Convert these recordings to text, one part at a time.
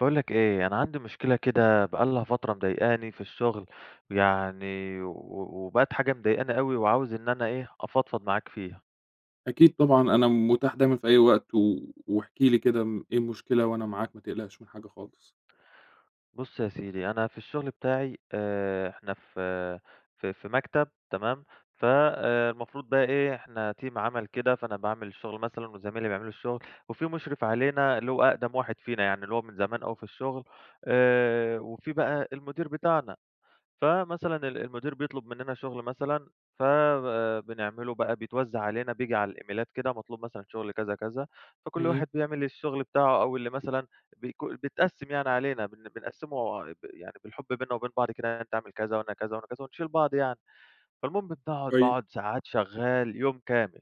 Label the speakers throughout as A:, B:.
A: باقول لك إيه، أنا عندي مشكلة كده بقى لها فترة مضايقاني في الشغل، يعني و وبقِت حاجة مضايقاني أوي، وعاوز إن أنا إيه، أفضفض معاك فيها.
B: أكيد طبعًا، أنا متاح دايمًا في أي وقت، و واحكِ لي كده امم إيه المشكلة، وأنا معاك ما تقلقش من حاجة خالص.
A: بُصّ يا سيدي، أنا في الشغل بتاعي آآ، إحنا في آآ، في في مكتب تمام، فالمفروض بقى إيه، إحنا تيم عمل كده، فأنا باعمل الشغل مثلًا وزمايلي بيعملوا الشغل، وفي مُشرف علينا اللي هو أقدم واحد فينا يعني، اللي هو من زمان أوي في الشغل آآ، وفي بقى المدير بتاعنا، فمثلًا ال المدير بيطلب مننا شغل مثلًا فب بنعملُه بقى بيتوّزع علينا بييجي على الإيميلات كده مطلوب مثلًا شغل كذا، كذا، فكلّ
B: امم.
A: واحد بيعمل الشغل بتاعه أو اللي مثلًا بيكو بيتقسّم يعني علينا، بن بنقسّمه بال يعني بالحب بيننا وبين بعض كده، يعني أنت اعمل كذا وأنا كذا وأنا كذا ونشيل بعض يعني، فالمهم باقعد
B: كويس.
A: باقعد ساعات شغّال يوم كامل،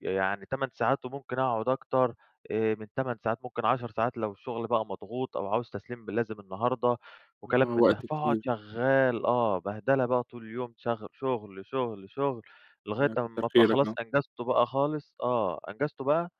A: يعني 8 ساعات وممكن اقعد أكتر آآ من 8 ساعات ممكن 10 ساعات لو الشغل بقى مضغوط أو عاوز تسليم ب لازم النهارده وكلام
B: آه،
A: من ده،
B: وقت
A: فاقعد
B: كتير.
A: شغّال آه، بهدلة بقى طول اليوم شغ شغل، شغل، شغل، لغاية
B: لا،
A: أمّا
B: كتّر
A: أبقى
B: خيرك،
A: خلاص
B: آه.
A: أنجزته بقى خالص، آه أنجزته بقى،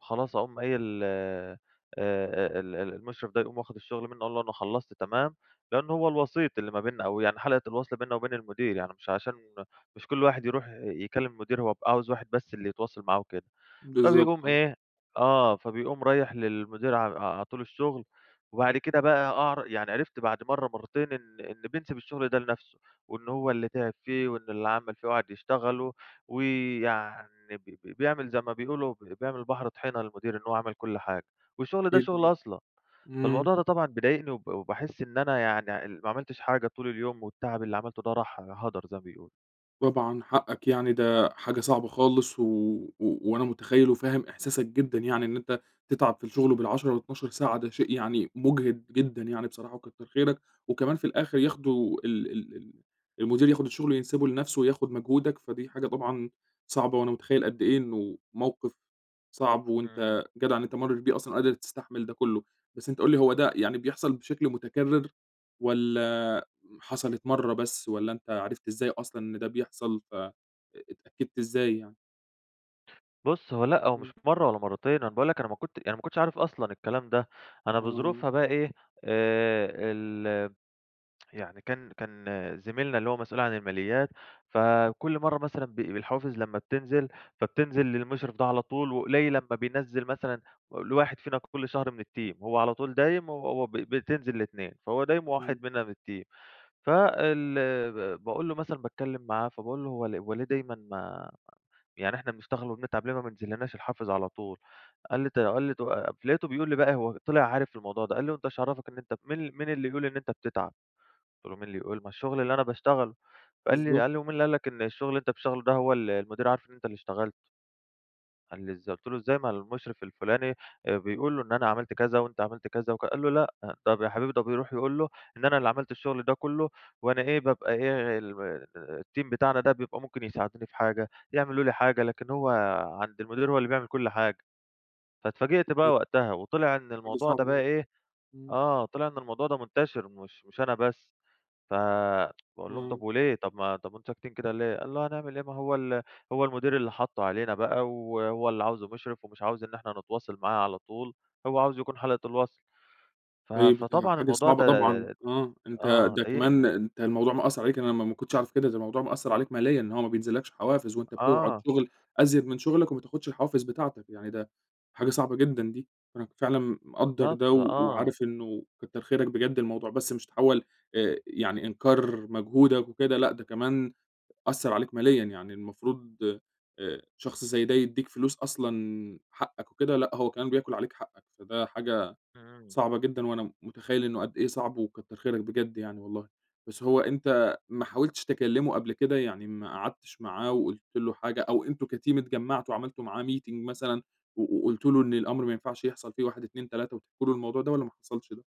A: خلاص أقوم قايل آآ، آآ، ال ال المشرف ده يقوم واخد الشغل منّه أقول له: "أنا خلّصت تمام." لانه هو الوسيط اللي ما بيننا أو يعني حلقة الوصل بيننا وبين المدير، يعني مش عشان مش كل واحد يروح يكلّم المدير هو بيبقى عاوز واحد بس اللي يتواصل معاه وكده،
B: بالضبط،
A: فبيقوم
B: آه.
A: إيه، آه فبيقوم رايح للمدير ع عاطي له الشغل وبعد كده بقى أعرف يعني عِرِفت بعد مرّه مرّتين إن إن بينسِب الشغل ده لنفسُه، وإنّه هو اللي تعب فيه وإنّه اللي عمل فيه وقعد يشتغلُه، ويعني ب ب بيعمل زي ما بيقولوا ب بيعمل البحر طحينة للمدير، إنّ هو عمل كل حاجة، والشغل ده شغلي
B: [unintelligible]
A: أصلًا.
B: امم.
A: فالموضوع ده طبعًا بيضايقني وب وباحس إن أنا يعني ال ما عملتش حاجة طول اليوم والتعب اللي عملتُه ده راح هدَر، زي ما بيقولوا.
B: طبعًا حقك. يعني ده حاجة صعبة خالص و وأنا مُتخيّل وفاهم إحساسك جدًا يعني، إن أنت تتعب في الشغل بال10 و12 ساعة ده شيء يعني مُجهِد جدًا يعني بصراحة وكتّر خيرك. وكمان في الآخر ياخدوا ال ال ال المدير ياخُد الشغل ينسبه لنفسه وياخُد مجهودك، فدي حاجة طبعًا صعبة، وأنا مُتخيّل قد إيه إنه موقف صعب،
A: إمم.
B: وأنت جدع إن أنت مرّيت بيه أصلًا وقادر تستحمل ده كُلّه. بس أنت قُل لي هو ده يعني بيحصل بشكل مُتكرّر والّا حصلت مرّة بس، والّا أنت عرفت إزاي أصلًا إن ده بيحصل ف أ اتأكدت إزاي يعني؟
A: بُص، هو لأ، هو مش
B: إمم.
A: مرّة ولا مرّتين. أنا باقول لك أنا ما كنت أنا ما كنتش عارف أصلًا الكلام ده. أنا
B: آه.
A: بظروفها بقى إيه، آآ ال يعني كان كان زميلنا اللي هو مسؤول عن الماليات، فكل مرّة مثلًا ب بالحوافز لمّا بتنزل، فبتنزل للمُشرف ده على طول وقليل أمّا بينزّل مثلًا و لواحد فينا كل شهر من الteam. وهو على طول دايم، وهو ب بتنزل ل2. فهو دايم
B: إمم.
A: وواحد مننا من الteam. فال ب باقول له مثلًا باتكلّم معاه فباقول له "هو ل هو ليه دايمًا م يعني إحنا بنشتغل وبنتعب ليه ما مبينزلّناش الحافز على طول؟" قال لي ت قال لي ت لقيته بيقول لي بقى هو طِلع عارف الموضوع ده. قال لي: "وأنت ايش عرّفك إن أنت مين مين اللي يقول إن أنت بتتعب." قُلت له: "مين اللي يقول؟! ما الشغل اللي أنا باشتغله." فقال لي
B: بالضبط.
A: قال لي: "ومين اللي قال لك إن الشغل اللي أنت بتشتغله ده هو ال المدير عارف إن أنت اللي اشتغلت؟" قال لي: "إزاي؟" قُلت له: "إزاي؟ ما المُشرف الفُلاني أ بيقول له إن أنا عملت كذا وأنت عملت كذا." وك قال له: "لأ طب يا حبيبي ده بيروح يقول له إن أنا اللي عملت الشغل ده كُلّه وأنا إيه، بابقى إيه ال م الteam بتاعنا ده بيبقى ممكن يساعدوني في حاجة، يعملوا لي حاجة. لكن هو عند المدير هو اللي بيعمل كل حاجة. فاتفاجئت بقى
B: [unintelligible]
A: وقتها، وطِلع إن
B: حاجة
A: الموضوع ده
B: صعبة
A: بقى
B: طبعًا
A: إيه
B: إمم.
A: آه. طِلع إن الموضوع ده مُنتَشِر مش مش أنا بس. ف باقول لهم:
B: إمم.
A: "طب وليه؟ طب ما طب وأنتم ساكتين كده ليه؟" قال له: "هنعمل إيه؟ ما هو ال هو المدير اللي حطُّه علينا بقى و وهو اللي عاوزه مُشرف، ومش عاوز إن إحنا نتواصل معاه على طول هو عاوز يكون حلقة الوصل." ف
B: طيب، ودي
A: فطبعًا
B: حاجة
A: الموضوع
B: صعبة
A: ده
B: طبعًا آه. أنت
A: آه.
B: ده كمان
A: ضايقني.
B: أنت الموضوع مأثّر عليك أنا ما ما كنتش أعرف كده. ده الموضوع مأثّر عليك ماليًا. إن هو ما بينزلّكش حوافز وأنت بتقعد
A: آه.
B: شغل أزيد من شغلك، وما تاخُدش الحوافز بتاعتك. يعني ده حاجة صعبة جدًا دي. فأنا فعلًا مقدّر ده
A: بالضبط
B: و
A: آه.
B: وعارف إنه كتّر خيرك بجد الموضوع بس مش تحوّل آآ يعني إنكار مجهودك وكده لأ، ده كمان أثّر عليك ماليًا يعني المفروض آآ شخص زي ده يدّيك فلوس أصلًا حقك وكده لأ، هو كمان بياكل عليك حقك. فده حاجة
A: إمم.
B: صعبة جدًا وأنا م مُتخيّل إنه قد إيه صعب وكتّر خيرك بجد يعني والله. بس هو أنت ما حاولتش تكلّمه قبل كده؟ يعني ما قعدتش معاه وقُلت له حاجة أو أنتم كteam اتجمّعتوا وعملتوا معاه meeting مثلًا و وقُلتوا له إن الأمر ما ينفعش يحصل فيه 1، 2، 3 وتحكوا له الموضوع ده والّا ما حصلش ده؟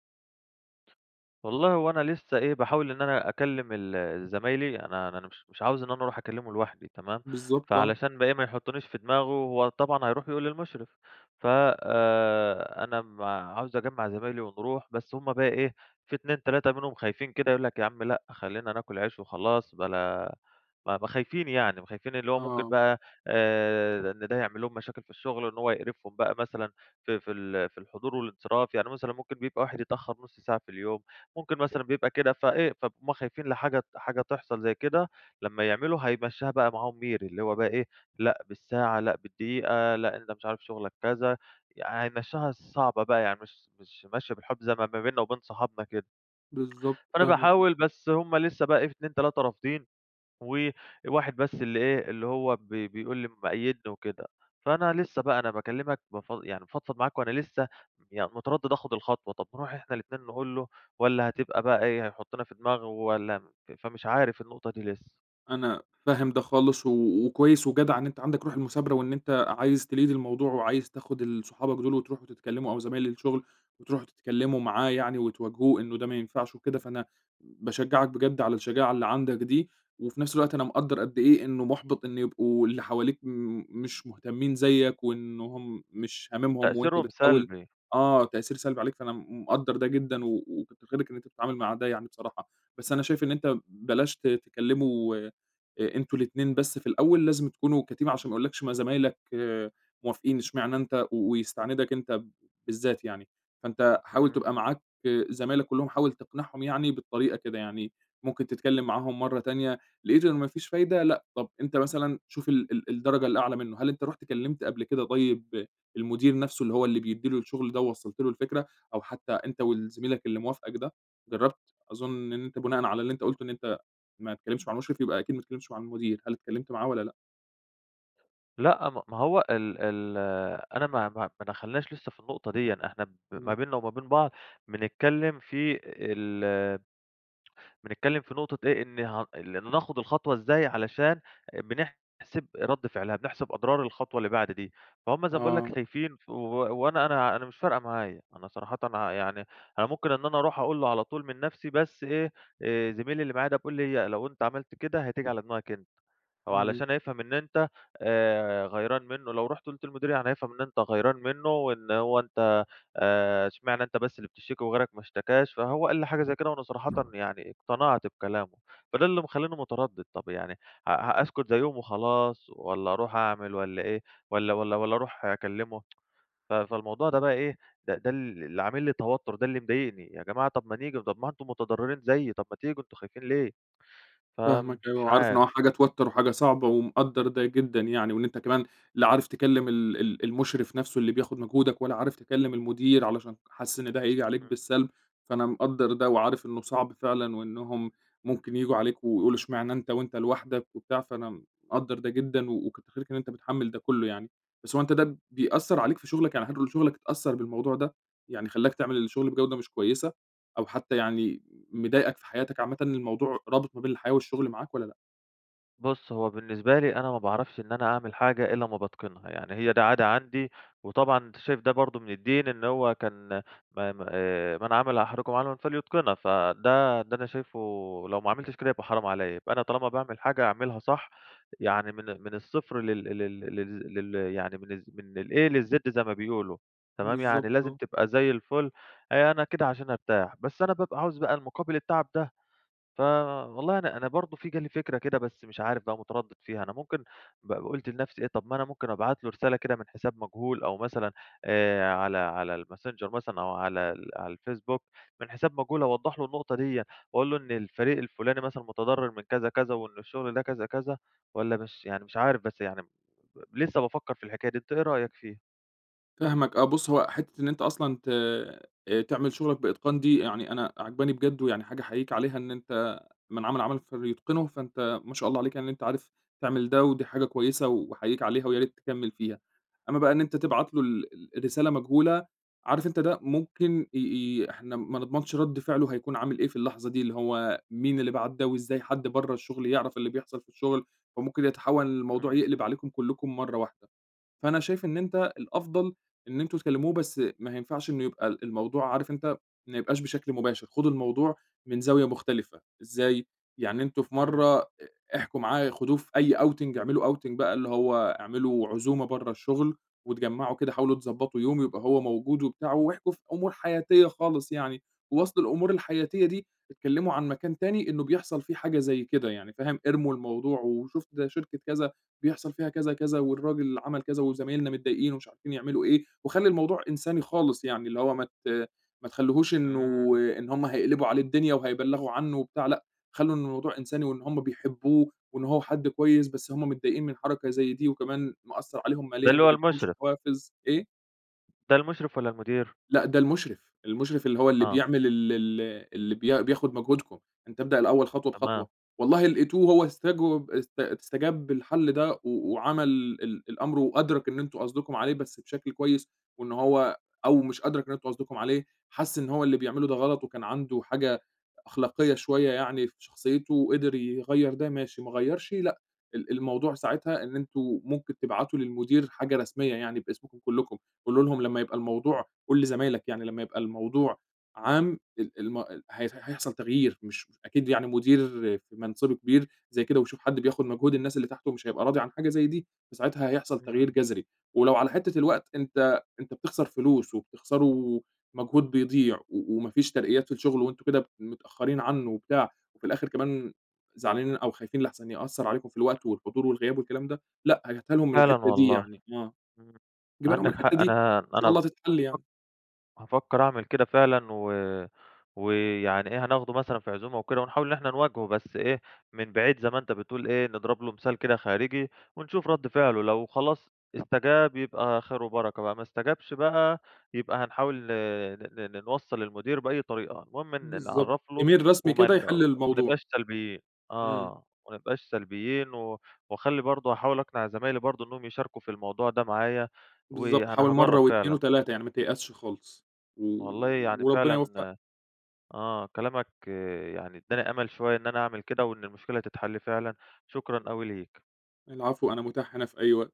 A: والله هو أنا لسّه إيه، باحاول إن أنا أكلّم ال زمايلي. أنا أنا مش مش عاوز إن أنا أروح أكلّمه لوحدى تمام؟
B: بالضبط. آه.
A: فعلشان بقى إيه، ما يُحطّنيش في دماغه وهو طبعًا هيروح يقول للمشرف. ف آآ أنا م عاوز أجمّع زمايلي ونروح. بس هم بقى إيه، في 2، 3 منهم خايفين كده، يقول لك: "يا عم لأ خلّينا ناكل عيش وخلاص بلا" أ ما خايفين يعني. ما خايفين اللي هو ممكن
B: آه.
A: بقى آآ إن ده يعمل لهم مشاكل في الشغل. إن هو يقرفهم بقى مثلًا في في ال في الحضور والانصراف. يعني مثلًا ممكن بيبقى واحد يتأخّر نُص ساعة في اليوم، ممكن مثلًا بيبقى كده فإيه، فهُم خايفين لحاجة ت حاجة تحصل زي كده لمّا يعملوا هيمشّيها بقى معاهم ميري. اللي هو بقى إيه، لأ بالساعة، لأ بالدقيقة، لأ أنت مش عارف شغلك كذا. يعني هيمشّيها صعبة بقى. يعني مش مش ماشية بالحب زي ما ب بينا وبين صحابنا كده.
B: بالضبط
A: فأنا
B: فاهمك [unintelligible]
A: باحاول، بس هم لسّه بقي إيه في 2، 3 رافضين وواحد بس اللي إيه، اللي هو بي بيقول لي مأيّدني وكده. فأنا لسّه بقى، أنا باكلّمك بف يعني بافضفض معاك وأنا لسّه ي مُتردّد آخُد الخطوة. طب نروح إحنا الاتنين نقول له والّا هتبقى بقى إيه، هيحُطّنا في دماغه والّا م فمش عارف النقطة دي لسّه؟
B: أنا فاهم ده خالص و وكويّس وجدع إن أنت عندك روح المثابرة وإن أنت عايز تlead الموضوع وعايز تاخد ال صحابك دول وتروحوا تتكلموا، أو زمايل الشغل وتروحوا تتكلموا معاه يعني وتواجهوه إنّه ده ما ينفعش وكده، فأنا باشجعك بجد على الشجاعة اللي عندك دي وفي نفس الوقت أنا مقدّر قد إيه، إنّه محبط إنّه يبقوا اللي حواليك م مش مهتمين زيك وإنّ هم مش هاممهم، وأنت
A: تأثيرهم
B: بتحاول
A: سلبي.
B: آه تأثير سلبي عليك، فأنا م مقدر ده جدًا و وكتّر خيرك إن أنت بتتعامل مع ده يعني بصراحة. بس أنا شايف إن أنت بلاش ت تكلموا أ أنتم الاتنين بس في الأوّل، لازم تكونوا كteam عشان ما يقولّكش: "ما زمايلك موافقين، أشمعني أنت؟" و ويستعندك أنت بالذات يعني. فأنت حاول
A: إمم.
B: تبقى معاك زمايلك كلّهم حاول تقنعهم يعني بالطريقة كده؛ يعني ممكن تتكلّم معاهم مرّة تانية، لقيت إن ما فيش فايدة لأ طب أنت مثلًا شوف ال ال الدرجة الأعلى منّه، هل أنت رُحت كلمت قبل كده طيّب المدير نفسه اللي هو اللي بيدّي له الشغل ده ووصّلت له الفكرة، أو حتّى أنت وال زميلك اللي موافقك ده، جرّبت؟ أظن إن أنت بناءً على اللي أنت قلته إن أنت ما تكلمتش مع المشرف يبقى أكيد ما تكلمتش مع المدير، هل اتكلمت معاه والّا لأ؟
A: لأ م ما هو ال ال أنا ما ما ما دخلناش لسّه في النقطة ديًّا، إحنا ما
B: إمم.
A: بينّا وما بين بعض بنتكلّم في ال بنتكلّم في نقطة إيه؟ إن ه اللي ناخد الخطوة إزاي علشان بنحسب رد فعلها، بنحسب أضرار الخطوة اللي بعد دي، فهُم زي ما باقول لك
B: آه.
A: خايفين ف و وأنا أنا أنا مش فارقة معايا، أنا صراحةً يعني أنا ممكن إن أنا أروح أقول له على طول من نفْسي بس إيه، آآ زميلي اللي معايا ده بيقول لي لو أنت عملت كده هتيجي على دماغك أنت، أو
B: إمم.
A: علشان هيفهم إن أنت آآ غيران منّه، لو رُحت قُلت للمدير هيفهم إن أنت غيران منّه، وإن هو أنت، آآ أشمعنا أنت بس اللي بتشتكي وغيرك ما اشتكاش، فهو قال لي حاجة زي كده وأنا صراحةً يعني اقتنعت بكلامه، فده اللي مخلّيني متردّد طب يعني، ه ا اسكت زيّهُم وخلاص، والّا أروح أعمل والّا إيه، والّا والّا والّا أروح أكلّمه، ف فالموضوع ده بقى إيه ده ده اللي عامل لي توتّر ده اللي مضايقني، يا جماعة طب ما نيجي طب ما أنتم متضرّرين زيي، طب ما تيجوا أنتم خايفين ليه؟
B: فاهمك أوي
A: فمش
B: وعارف إن هو
A: عارف.
B: حاجة توتّر وحاجة صعبة ومقدّر ده جدًا يعني، وإن أنت كمان لا عارف تكلّم ال ال المشرف نفْسه اللي بياخد مجهودك، والّا عارف تكلّم المدير علشان حاسس إن ده هييجي عليك
A: امم.
B: بالسَلب، فأنا مقدّر ده وعارف إنّه صعب فعلًا وإنّهم ممكن ييجوا عليك ويقولوا اشمعنا أنت وأنت لوحدك وبتاع، فأنا مقدّر ده جدًا، و وكتّر خيرك إن أنت متحمّل ده كلّه يعني، بس هو أنت ده بيأثّر عليك في شغلك يعني حد من شغلك أتأثّر بالموضوع ده؟ يعني خلّاك تعمل الشغل بجودة مش كويّسة، أو حتّى يعني مضايقك في حياتك عامةً، الموضوع رابط ما بين الحياة والشغل معاك والّا لأ؟
A: بُصّ، هو بالنسبة لي أنا ما باعرفش إن أنا أعمل حاجة إلّا امّا باتقِنها، يعني هي دي عادة عندي، وطبعًا أنت شايف ده برضه من الدين إن هو كان م م آآ، من عمل أحدُكم عملًا فليتقنه، فده ده أنا شايفُه لو ما عملتش كده يبقى حرام عليَّ، يبقى أنا طالما باعمل حاجة أعملها صح يعني من ال من الصفر لل لل للز ل يعني من الز من الA للz زي ما بيقولوا، تمام؟
B: بالضبط،
A: يعني لازم
B: آه.
A: تبقى زي الفل آآ، أنا كده عشان أرتاح. بس أنا بابقى عاوز بقى المقابل التعب ده، ف والله أنا أنا برضه في جه لي فكرة كده بس مش عارف بقى متردّد فيها، أنا ممكن ب قلت لنفسي إيه طَب ما أنا ممكن أبعت له رسالة كده من حساب مجهول أو مثلًا آآ، على على الماسنجر مثلًا أو على ال على الفيسبوك من حساب مجهول أوضّح لُه النقطة ديَّة، وأقول له إن الفريق الفُلاني مثلًا متضرّر من كذا، كذا وإن الشغل ده كذا، كذا، والَّا مش يعني مش عارف بس يعني ب لسّه بافكّر في الحكاية دي، أنت إيه رأيك فيها؟
B: فاهمك آه، بُصّ، هو حتّة إن أنت أصلًا ت آآ، تعمل شغلك بإتقان دي يعني أنا عاجباني بجد، ويعني حاجة أحيّيك عليها إن أنت من عمل عملًا فليتقنه، فأنت ما شاء الله عليك يعني إن أنت عارف تعمل ده ودي حاجة كويسة وأحيّيك عليها ويا ريت تكمّل فيها، أمّا بقى إن أنت تبعت له ال ال الرسالة مجهولة، عارف أنت ده ممكن ي ي إحنا ما نضمنش رد فعلُه هيكون عامل إيه في اللحظة دي، اللي هو مين اللي بعَت ده وإزاي حد برّه الشغل يعرف اللي بيحصل في الشغل؟ فممكن يتحوّل الموضوع
A: امم.
B: يقلِب عليكم كلّكم مرّه واحدة. فأنا شايف إن أنت الأفضل إن أنتم تكلّموه بس ما ينفعش إنّه يبقى ال الموضوع عارف أنت ما يبقاش بشكل مباشر، خدوا الموضوع من زاوية مختلفة، إزاي؟ يعني أنتم في
A: امم.
B: مرّة ا احكوا معاه خدوه في أي outing اعملوا outing بقى اللي هو اعملوا عزومة برّه الشغل، واتجمّعوا كده حاولوا تضبطوا يوم يبقى هو موجود وبتاع واحكوا في أمور حياتية خالص يعني، ووسط الأمور الحياتية دي اتكلّموا عن مكان تاني إنّه بيحصل فيه حاجة زي كده يعني، فاهم؟ ارموا الموضوع وشُفت ده شركة كذا بيحصل فيها كذا، كذا والراجل عمَل كذا وزمايلنا متضايقين ومش عارفين يعملوا إيه، وخلّي الموضوع إنساني خالص يعني اللي هو ما ت ما تخلوهوش إنه
A: امم.
B: إن هم هيقلبوا عليه الدنيا وهيبلّغوا عنّه وبتاع، لأ خلوا الموضوع إنساني وإن هم بيحبوه وإن هو حد كويس، بس هم متضايقين من حركة زي دي وكمان مأثّر عليهم
A: ده
B: ماليًا،
A: اللي
B: ما
A: هو
B: بيدّيهمش
A: المشرف.
B: حوافز إيه؟
A: ده المُشرف والَّا المدير؟
B: لأ، ده المُشرف، المُشرف اللي هو اللي
A: آه.
B: بيعمل ال ال اللي بيا
A: [unintelligible]
B: بياخد مجهودكم، أنت ابدأ الأول خطوة
A: تمام.
B: بخطوة، والله لقيتوه هو استجوب است استجاب للحل ده و وعمل ال الأمر، وأدرك إن أنتم قصدكم عليه بس بشكل كويس، وإن هو أو مش أدرك إن أنتم قصدكم عليه، حس إن هو اللي بيعمله ده غلط وكان عنده حاجة أخلاقية شويّة يعني في شخصيته، وقدر يغيّر ده ماشي، ما غيّرش لأ، ال الموضوع ساعتها إن أنتم ممكن تبعتوا للمدير حاجة رسميّة يعني باسمكم كلّكم، قولوا لهم لمّا يبقى
A: امم.
B: الموضوع قُل لزمايلك يعني لمّا يبقى الموضوع عام ال الم هي هيحصل تغيير، مش مش أكيد يعني مدير في منصبه كبير زي كده، ويشوف حد بياخد مجهود الناس اللي تحته مش هيبقى راضي عن حاجة زي دي، فساعتها هيحصل تغيير
A: امم.
B: جذري، ولو على حتّة الوقت أنت أنت بتخسر فلوس وبتخسروا مجهود بيضيع، و وما فيش ترقيات في الشغل وأنتم كده متأخرين عنّه وبتاع، وفي الآخر كمان زعلانين أو خايفين لاحسن يأثّر عليكم في الوقت والحضور والغياب والكلام ده، لأ هاتها لهم من
A: فعلًا
B: الحتّة دي
A: والله،
B: يعني، آه،
A: امم،
B: جيبها لهم من
A: عندك
B: الحتّة
A: حق
B: دي
A: أنا
B: وإن شاء
A: أنا
B: الله
A: بافك
B: تتحل يعني.
A: هافكّر أعمل كده فعلًا، و ويعني إيه هناخدُه مثلًا في عزومة وكده، ونحاول إن إحنا نواجهُه بس إيه، من بعيد زي ما أنت بتقول إيه، نضرب له مثال كده خارجي ونشوف رد فعلُه، لو خلاص استجاب يبقى خير وبركة بقى، ما استجابش بقى يبقى هنحاول ن ن ن نوصّل للمدير بأي طريقة، المهم إن
B: بالضبط،
A: نعرفله
B: إيميل رسمي كده
A: ومان
B: يحل الموضوع.
A: ومانبقاش سلبيين،
B: امم.
A: آه، وما نبقاش سلبيين و واخلّي برضه هاحاول أقنع زمايلي برضه إن هم يشاركوا في الموضوع ده معايا،
B: بالضبط،
A: وأنا
B: حاول مرّه
A: هاجرّب
B: و2
A: فعلًا.
B: و3 يعني ما تيأسش خالص، و
A: والله يعني
B: وربنا يوفقك.
A: فعلًا آه كلامك يعني ادّاني أمل شوية إن أنا أعمل كده، وإن المشكلة تتحلّ فعلًا، شكرًا أوي ليك.
B: العفو، أنا متاح هنا في أي وقت.